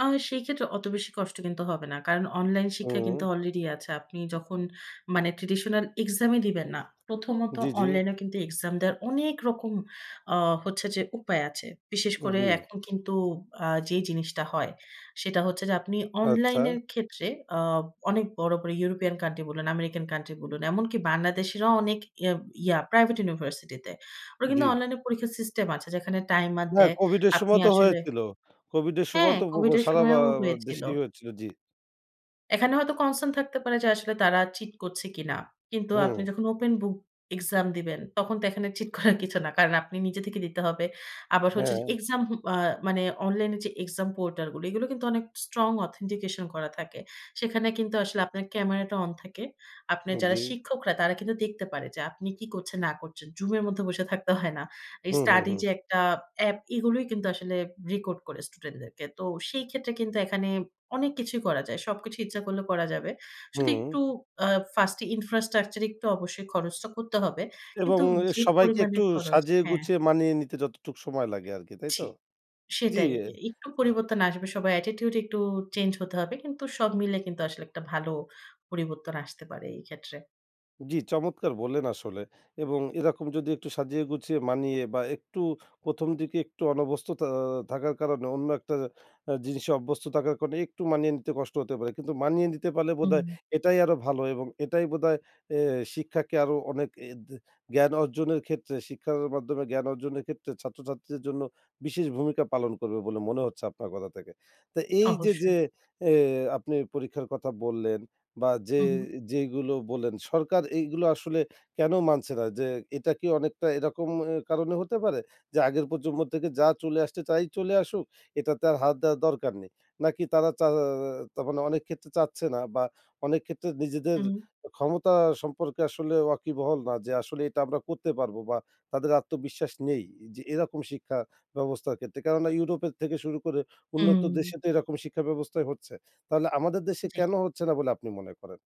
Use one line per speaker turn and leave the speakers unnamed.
আ সেই ক্ষেত্রে অত বেশি কষ্ট কিন্তু হবে না। কারণ অনলাইন শিক্ষা কিন্তু
উম
আলরেডি আছে। আপনি যখন মানে traditional exam এ দিবেন না। প্রথমত
জি, জি।
অনলাইনেও কিন্তু এক্সাম দেওয়ার অনেক রকম, আ হচ্ছে যে, উপায় আছে। বিশেষ করে
জি।
এখন কিন্তু আ যেই জিনিসটা হয়, সেটা হচ্ছে যে, আপনি
আচ্ছা।
অনলাইনের ক্ষেত্রে আ অনেক বড়, বড় ইউরোপিয়ান কান্ট্রি বলুন, আমেরিকান কান্ট্রি বলুন, এমনকি বাংলাদেশীরাও অনেক ইয়া, ইয়া প্রাইভেট ইউনিভার্সিটিতে। ওরা কিন্তু
জি।
অনলাইন পরীক্ষার সিস্টেম আছে যেখানে টাইমার
হ্যাঁ,
দেয়।
কোভিডের
আপনি
সময় তো
আসলে
হয়েছিল। কোভিডের
হ্যাঁ,
সময় তো পপ
কোভিডের
সারা বা
সময়ও হয়েছিল।
দেশেই হয়েছিল। জি।
এখানে হয়তো concern থাকতে পারে যে, আসলে তারা চিট করছে কিনা। কিন্তু আপনি
হুম।
যখন open book exam দিবেন তখন তো এখানে চিট করার কিছু না। কারণ আপনি নিজে থেকে দিতে হবে। আবার হচ্ছে যে,
হ্যাঁ।
এক্সাম হু, আ মানে অনলাইন এ যে, এক্সাম পোর্টাল গুলো, এগুলো কিন্তু অনেক strong authentication করা থাকে। সেখানে কিন্তু আসলে আপনার ক্যামেরাটা অন থাকে। আপনার যারা
জী।
শিক্ষকরা তারা কিন্তু দেখতে পারে যে, আপনি কি করছেন না করছেন। Zoom এর মধ্যে বসে থাকতে হয় না। এই
হু, হু,
স্টাডি
হুম।
যে, একটা অ্যাপ এগুলোই কিন্তু আসলে রেকর্ড করে স্টুডেন্ট দেরকে। তো সেই ক্ষেত্রে কিন্তু এখানে অনেক কিছুই করা যায়। সবকিছুই ইচ্ছা করলে করা যাবে। শুধু
হুম।
একটু আ first infrastructure একটু অবশ্যই খরচটা করতে হবে।
এবং
কিন্তু
অ্যা
যে,
সবাইকে
পরিমাণে
একটু
খরচ
সাজিয়ে
হ্যাঁ
গুছিয়ে মানিয়ে নিতে যতটুকু সময় লাগে আরকি তাইতো?
জি।
জি।
সেটাই। একটু পরিবর্তন আসবে সবার attitude একটু চেঞ্জ হতে হবে। কিন্তু সব মিলে কিন্তু আসলে একটা ভালো পরিবর্তন আসতে পারে এই ক্ষেত্রে।
জি, চমৎকার বললেন! আসলে এবং এরকম যদি একটু সাজিয়ে গুছিয়ে মানিয়ে বা একটু ১ম, দিকে একটু অনভ্যস্তথা থাকার কারণে অন্য একটা আ জিনিসে অভ্যস্থ থাকার কারণে একটু মানিয়ে নিতে কষ্ট হতে পারে। কিন্তু মানিয়ে নিতে পারলে
হুম।
বোধহয় এটাই আরো ভালো এবং এটাই বোধহয় অ্যা শিক্ষাকে আরো অনেক অ্যা দে জ্ঞান অর্জনের ক্ষেত্রে শিক্ষার মাধ্যমে জ্ঞান অর্জনের ক্ষেত্রে ছাত্রছাত্রীদের জন্য বিশেষ ভূমিকা পালন করবে বলে মনে হচ্ছে আপনার কথা থেকে। তো এই যে,
অবশ্যই।
যে, অ্যা আপনি পরীক্ষার কথা বললেন বা যে,
হু, হুম।
যেইগুলো বললেন সরকার এইগুলো আসলে কেন মানছে না যে, এটা কি অনেকটা এরকম অ্যা কারণে হতে পারে? যে, আগের প্রজন্ম থেকে যা চলে আসছে তাই চলে আসুক এটাতে আর হাত দেওয়ার দরকার নেই? নাকি তারা চা অ তা মানে অনেক ক্ষেত্রে চাচ্ছে না বা অনেক ক্ষেত্রে নিজেদের
উ
ক্ষমতা সম্পর্কে আসলে ওয়াকিবহল না যে, আসলে এটা আমরা করতে পারবো বা তাদের আত্মবিশ্বাস নেই যে, এরকম শিক্ষা ব্যবস্থার ক্ষেত্রে। কেননা ইউরোপের থেকে শুরু করে উন্নত
উম
দেশে তো এরকম শিক্ষা ব্যবস্থাই হচ্ছে। তাহলে আমাদের দেশে
জি।
কেন হচ্ছে না বলে আপনি মনে করেন?